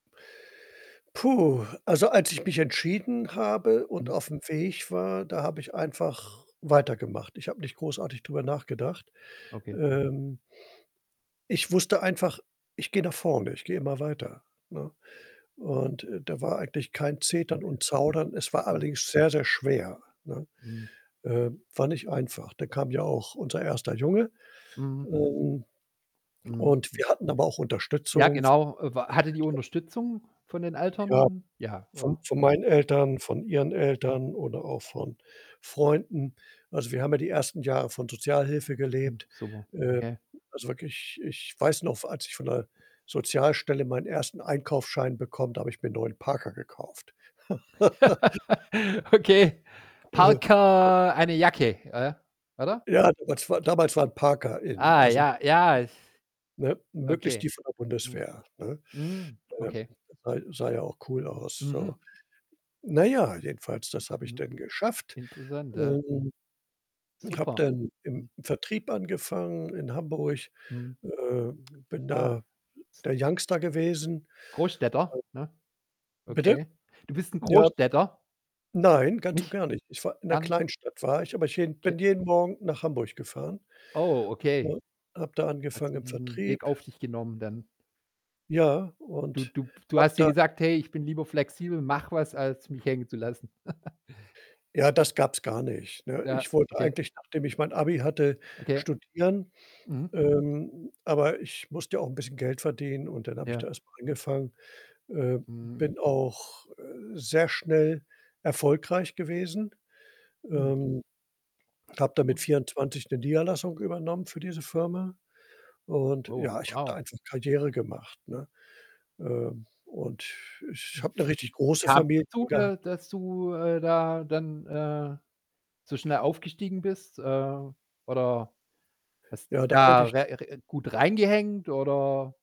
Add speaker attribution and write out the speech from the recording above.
Speaker 1: Puh, also, als ich mich entschieden habe und
Speaker 2: Mhm.
Speaker 1: auf’m Weg war, da habe ich einfach weitergemacht. Ich habe nicht großartig drüber nachgedacht,
Speaker 2: Okay.
Speaker 1: ähm. Ich wusste einfach, ich gehe nach vorne, ich gehe immer weiter, ne? Und, äh, da war eigentlich kein Zetern
Speaker 2: Okay.
Speaker 1: und Zaudern, es war
Speaker 2: Mhm.
Speaker 1: allerdings sehr, sehr schwer, ne?
Speaker 2: Mhm.
Speaker 1: Ähm, war nicht einfach. Dann kam ja auch unser erster Junge,
Speaker 2: Mhm.
Speaker 1: ähm,
Speaker 2: Mhm,
Speaker 1: und
Speaker 2: hm.
Speaker 1: wir hatten aber auch
Speaker 2: Ja,
Speaker 1: Unterstützung v
Speaker 2: genau. Äh, w hattet ihr
Speaker 1: [unintelligible]
Speaker 2: Unterstützung von den Eltern?
Speaker 1: Ja,
Speaker 2: N ja,
Speaker 1: von
Speaker 2: oder?
Speaker 1: von meinen Eltern, von ihren Eltern oder auch von Freunden. Also, wir haben ja die ersten Jahre von Sozialhilfe
Speaker 2: Mhm,
Speaker 1: gelebt,
Speaker 2: super,
Speaker 1: äh,
Speaker 2: okay.
Speaker 1: also, wirklich, ich weiß noch, v als ich von der Sozialstelle meinen 1. Einkaufsschein bekomme, da habe ich mir 'n neuen Parker gekauft.
Speaker 2: Okay.
Speaker 1: Aha. Ja.
Speaker 2: Parker, eine Jacke, äh, oder?
Speaker 1: Ja, damals war damals waren Parker in,
Speaker 2: Ah,
Speaker 1: also,
Speaker 2: ja, ja, ist
Speaker 1: ne, möglichst die
Speaker 2: okay.
Speaker 1: von der
Speaker 2: Mhm.
Speaker 1: Bundeswehr, ne?
Speaker 2: Mhm,
Speaker 1: Ähm,
Speaker 2: okay.
Speaker 1: sah sah ja auch cool aus,
Speaker 2: Mhm.
Speaker 1: so. Na ja, jedenfalls, das habe ich
Speaker 2: Mhm.
Speaker 1: dann geschafft,
Speaker 2: Interessant, ja.
Speaker 1: ähm, und habe
Speaker 2: Super,
Speaker 1: dann im
Speaker 2: mhm.
Speaker 1: Vertrieb angefangen in Hamburg,
Speaker 2: Mhm.
Speaker 1: äh, bin
Speaker 2: Ah.
Speaker 1: da, äh,
Speaker 2: S
Speaker 1: der Youngster gewesen.
Speaker 2: Großstädter,
Speaker 1: Al
Speaker 2: ne?
Speaker 1: Bitte?
Speaker 2: Okay. Du bist 'n
Speaker 1: Ja.
Speaker 2: Großstädter?
Speaker 1: Nein, ganz und
Speaker 2: Nicht?
Speaker 1: gar nicht. Ich war in 'ner
Speaker 2: Gar nicht?
Speaker 1: Kleinstadt war ich, aber ich hin
Speaker 2: Okay.
Speaker 1: bin jeden Morgen nach Hamburg gefahren,
Speaker 2: Oh, okay.
Speaker 1: ne, habe da
Speaker 2: Hattest
Speaker 1: angefangen
Speaker 2: du
Speaker 1: im
Speaker 2: diesen
Speaker 1: Vertrieb.
Speaker 2: Weg auf dich genommen dann?
Speaker 1: Ja,
Speaker 2: Du
Speaker 1: und
Speaker 2: du pf du
Speaker 1: habe
Speaker 2: hast dir
Speaker 1: da
Speaker 2: gesagt: „Hey, ich bin lieber flexibel, mach was, als mich hängen zu lassen.“
Speaker 1: Ja, das gab's gar nicht, ne?
Speaker 2: Ja,
Speaker 1: Ich wollte
Speaker 2: okay.
Speaker 1: eigentlich, nachdem ich mein Abi hatte,
Speaker 2: Okay.
Speaker 1: studieren.
Speaker 2: Mhm.
Speaker 1: Ähm, aber ich musste ja auch 'n bisschen Geld verdienen und dann habe ich
Speaker 2: Ja.
Speaker 1: da erst mal angefangen. Äh,
Speaker 2: Mhm.
Speaker 1: bin auch, äh, sehr schnell erfolgreich gewesen,
Speaker 2: Mhm.
Speaker 1: ähm, habe da mit
Speaker 2: [unintelligible]
Speaker 1: 24 'ne Niederlassung übernommen für diese Firma. Und,
Speaker 2: Oh,
Speaker 1: ja, ich habe da
Speaker 2: wow.
Speaker 1: einfach Karriere gemacht, ne? Ähm, und ich habe 'ne richtig
Speaker 2: [unintelligible]
Speaker 1: große
Speaker 2: kam's
Speaker 1: Familie
Speaker 2: dazu,
Speaker 1: gehabt.
Speaker 2: da dass du, äh, da dann, äh, so schnell aufgestiegen bist, äh? Oder hast dich
Speaker 1: Ja, da könnte
Speaker 2: da
Speaker 1: ich
Speaker 2: re re gut reingehängt oder